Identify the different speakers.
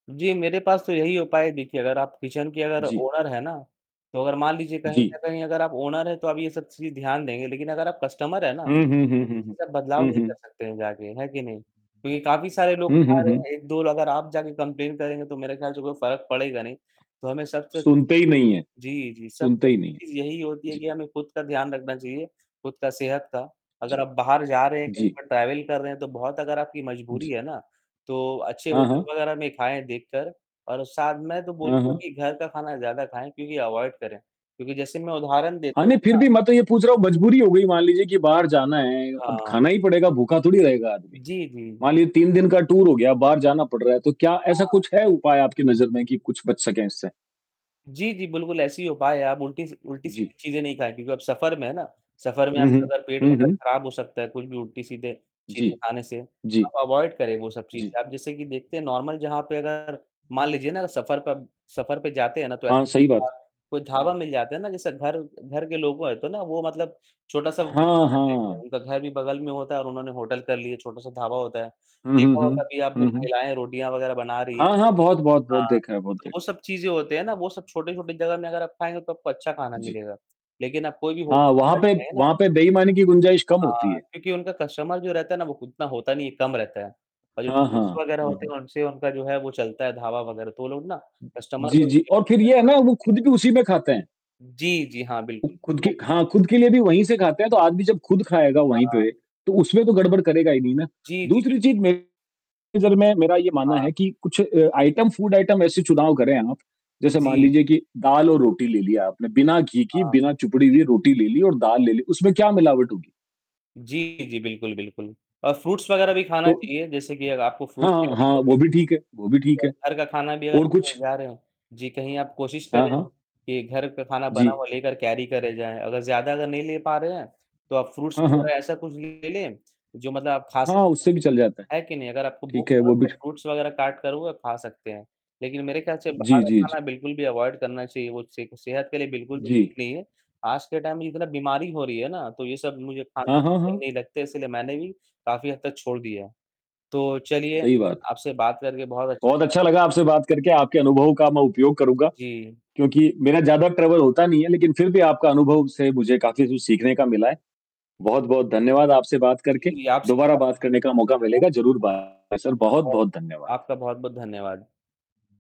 Speaker 1: जी, मेरे पास तो यही उपाय है देखिए, अगर आप किचन के अगर
Speaker 2: जी।
Speaker 1: ओनर हैं ना, तो अगर मान लीजिए कहीं न
Speaker 2: जी।
Speaker 1: कहीं अगर आप ओनर हैं, तो आप ये सब चीजें ध्यान देंगे, लेकिन अगर आप कस्टमर हैं ना,
Speaker 2: हुँ, हुँ,
Speaker 1: तो
Speaker 2: हुँ,
Speaker 1: ये
Speaker 2: हुँ, हुँ,
Speaker 1: चीज का बदलाव
Speaker 2: हुँ,
Speaker 1: नहीं कर
Speaker 2: हुँ।
Speaker 1: सकते हैं जाके, है कि नहीं? क्योंकि काफ़ी सारे लोग
Speaker 2: हुँ,
Speaker 1: खा
Speaker 2: हुँ,
Speaker 1: रहे
Speaker 2: हुँ।
Speaker 1: हैं, 1-2 लोग अगर आप जाके कम्प्लेंन करेंगे तो मेरे ख़याल से कोई फ़र्क पड़ेगा नहीं। तो हमें सबसे
Speaker 2: सुनते ही नहीं हैं
Speaker 1: जी, जी, सबसे
Speaker 2: सुनते ही नहीं हैं,
Speaker 1: अच्छी चीज यही होती है
Speaker 2: जी।
Speaker 1: कि हमें खुद का ध्यान रखना चाहिए, खुद का सेहत का, अगर
Speaker 2: जी,
Speaker 1: आप बाहर जा रहे हैं, कहीं
Speaker 2: जी।
Speaker 1: पर ट्रैवल कर रहे हैं तो बहुत अगर आपकी मजबूरी
Speaker 2: जी।
Speaker 1: है ना, तो अच्छे
Speaker 2: हाँ,
Speaker 1: होटल
Speaker 2: हाँ।
Speaker 1: वगैरह में खाएँ देखकर और साथ मैं तो
Speaker 2: हाँ,
Speaker 1: बोलूँगा
Speaker 2: हाँ।
Speaker 1: कि घर का खाना ज़्यादा खाएँ, क्योंकि अवॉइड करें। क्योंकि जैसे मैं उदाहरण
Speaker 2: हाँ
Speaker 1: देता
Speaker 2: नहीं,
Speaker 1: हूँ
Speaker 2: फिर
Speaker 1: ना
Speaker 2: भी मैं तो ये पूछ रहा हूँ मजबूरी हो गई मान लीजिए कि बाहर जाना है, अब
Speaker 1: हाँ।
Speaker 2: खाना ही पड़ेगा भूखा थोड़ी रहेगा आदमी।
Speaker 1: जी, जी।
Speaker 2: मान लीजिए 3 दिन का टूर हो गया बाहर जाना पड़ रहा है, तो क्या ऐसा
Speaker 1: हाँ
Speaker 2: कुछ है
Speaker 1: जी।
Speaker 2: उपाय आपकी नजर में कि कुछ बच सके इससे?
Speaker 1: जी, जी, बिल्कुल, ऐसी ही उपाय है। आप उल्टी सी
Speaker 2: जी।
Speaker 1: उल्टी-सीधी चीजें नहीं खाएँ क्योंकि आप सफर में हैं ना, सफर में
Speaker 2: हुँ, हुँ,
Speaker 1: आपका अगर पेट
Speaker 2: हुँ,
Speaker 1: वगैरह
Speaker 2: हुँ।
Speaker 1: खराब हो सकता है कुछ भी उल्टी-सीधे
Speaker 2: जी,
Speaker 1: चीजें खाने से,
Speaker 2: जी।
Speaker 1: आप अवॉइड करें वो सब
Speaker 2: जी।
Speaker 1: चीजें। आप जैसे कि देखते हैं नॉर्मल जहाँ पे अगर मान लीजिए ना सफर पर सफर पे जाते हैं ना, तो
Speaker 2: हाँ,
Speaker 1: ऐसे
Speaker 2: सही बात।
Speaker 1: [unintelligible] कोई ढाबा
Speaker 2: हुँ।
Speaker 1: मिल जाता है ना, जैसे घर घर के लोगो है तो ना, वो मतलब छोटा-सा बिज़नेस
Speaker 2: हाँ,
Speaker 1: कर लेते हैं,
Speaker 2: हाँ।
Speaker 1: उनका घर भी बगल में होता है और उन्होंने होटल कर लिया, छोटा-सा ढाबा होता है।
Speaker 2: हुँ, हुँ,
Speaker 1: देखा हो
Speaker 2: हुँ।
Speaker 1: कभी आपने
Speaker 2: हुँ, हुँ।
Speaker 1: महिलाएँ रोटियाँ वगैरह बना रही हैं
Speaker 2: हाँ, हाँ, बहुत, बहुत, बहुत
Speaker 1: हाँ,
Speaker 2: देखा है, बहुत
Speaker 1: तो
Speaker 2: देख
Speaker 1: वो सब चीजें होती हैं ना, वो सब छोटे-छोटे जगह में अगर आप खाएँगे तो आपको अच्छा खाना
Speaker 2: जी।
Speaker 1: मिलेगा। लेकिन आप कोई भी
Speaker 2: हाँ,
Speaker 1: होटल
Speaker 2: वहाँ
Speaker 1: अगर
Speaker 2: पे
Speaker 1: जाएँ ना
Speaker 2: वहाँ पे बेईमानी की गुंजाइश कम
Speaker 1: हाँ,
Speaker 2: होती है।
Speaker 1: क्योंकि उनका कस्टमर जो रहता है ना, वो उतना होता नहीं है, कम रहता है। और जो
Speaker 2: हाँ,
Speaker 1: टूरिस्ट्स
Speaker 2: हाँ।
Speaker 1: वगैरह
Speaker 2: हुँ,
Speaker 1: होते
Speaker 2: हुँ।
Speaker 1: हैं उनसे उनका जो है वो चलता है ढाबा वगैरह। तो वो लोग ना कस्टमर
Speaker 2: जी,
Speaker 1: को
Speaker 2: जी और
Speaker 1: सेफ्टी
Speaker 2: फिर
Speaker 1: का
Speaker 2: ये है
Speaker 1: ध्यान
Speaker 2: ना वो
Speaker 1: रखते
Speaker 2: खुद
Speaker 1: हैं।
Speaker 2: भी उसी में खाते हैं।
Speaker 1: जी, जी, हाँ, बिल्कुल।
Speaker 2: खुद के हाँ, खुद के लिए भी वहीं से खाते हैं तो आदमी जब खुद खाएगा
Speaker 1: हाँ,
Speaker 2: वहीं
Speaker 1: हाँ।
Speaker 2: पे, तो उसमें तो गड़बड़ करेगा ही नहीं ना,
Speaker 1: जी, जी,
Speaker 2: दूसरी
Speaker 1: बिल्कुल।
Speaker 2: चीज मेरी नजर में मेरा यह मानना
Speaker 1: हाँ।
Speaker 2: है कि कुछ अ, आइटम फूड आइटम ऐसे चुनाव करें आप। जैसे मान
Speaker 1: जी।
Speaker 2: लीजिए कि दाल और रोटी ले लिया आपने, बिना घी की,
Speaker 1: हाँ।
Speaker 2: बिना चुपड़ी
Speaker 1: जी।
Speaker 2: हुई रोटी ले ली और दाल ले ली, उसमें क्या मिलावट होगी?
Speaker 1: जी, जी, बिल्कुल, बिल्कुल। और फ्रूट्स वगैरह भी खाना
Speaker 2: तो
Speaker 1: चाहिए, जैसे कि अगर आपको
Speaker 2: हाँ,
Speaker 1: फ्रूट्स
Speaker 2: हाँ,
Speaker 1: कैरी
Speaker 2: हाँ,
Speaker 1: कर
Speaker 2: वो भी ठीक है, वो भी
Speaker 1: लीजिए
Speaker 2: ठीक
Speaker 1: और
Speaker 2: है,
Speaker 1: घर का खाना भी अगर
Speaker 2: और
Speaker 1: कहीं
Speaker 2: कुछ?
Speaker 1: जा रहे हो जी, कहीं आप कोशिश
Speaker 2: हाँ,
Speaker 1: करें
Speaker 2: हाँ।
Speaker 1: कि घर का खाना बना
Speaker 2: जी।
Speaker 1: हुआ लेकर कैरी करे जाएँ, अगर ज़्यादा अगर नहीं ले पा रहे हैं, तो आप फ्रूट्स
Speaker 2: हाँ, हाँ।
Speaker 1: वगैरह ऐसा कुछ ले लें, जो मतलब आप खा
Speaker 2: हाँ,
Speaker 1: सकते
Speaker 2: उससे भी चल जाता है,
Speaker 1: है कि नहीं? अगर आपको भूख
Speaker 2: ठीक है
Speaker 1: लगा हो
Speaker 2: वो भी।
Speaker 1: तो फ्रूट्स वगैरह काटकर वो खा सकते हैं। लेकिन मेरे ख़याल से बाहर
Speaker 2: जी,
Speaker 1: का
Speaker 2: जी,
Speaker 1: खाना
Speaker 2: जी।
Speaker 1: बिल्कुल भी अवॉइड करना चाहिए वो से सेहत के लिए बिल्कुल भी ठीक
Speaker 2: जी।
Speaker 1: नहीं है। आज के टाइम में जितना बीमारी हो रही है ना, तो ये सब मुझे खाना
Speaker 2: हाँ, हाँ,
Speaker 1: सही
Speaker 2: हाँ।
Speaker 1: नहीं लगते, इसलिए मैंने भी काफ़ी हद तक छोड़ दिया है। तो चलिए
Speaker 2: सही बात।
Speaker 1: आपसे बात करके बहुत अच्छा
Speaker 2: बहुत
Speaker 1: लगा
Speaker 2: अच्छा
Speaker 1: काफी
Speaker 2: लगा आपसे बात करके, आपके अनुभव का मैं उपयोग करूँगा।
Speaker 1: जी।
Speaker 2: क्योंकि मेरा ज़्यादा ट्रैवल होता नहीं है, लेकिन फिर भी आपका अनुभव से मुझे काफ़ी कुछ सीखने का मिला है, बहुत-बहुत धन्यवाद आपसे बात करके,
Speaker 1: जी, आपसे भी
Speaker 2: दोबारा
Speaker 1: बात
Speaker 2: बात
Speaker 1: करके
Speaker 2: करने
Speaker 1: मुझे
Speaker 2: का
Speaker 1: अच्छा
Speaker 2: मौका
Speaker 1: लगा।
Speaker 2: मिलेगा ज़रूर बाय सर
Speaker 1: आपका बहुत
Speaker 2: बहुत-बहुत धन्यवाद।
Speaker 1: आपका बहुत-बहुत धन्यवाद।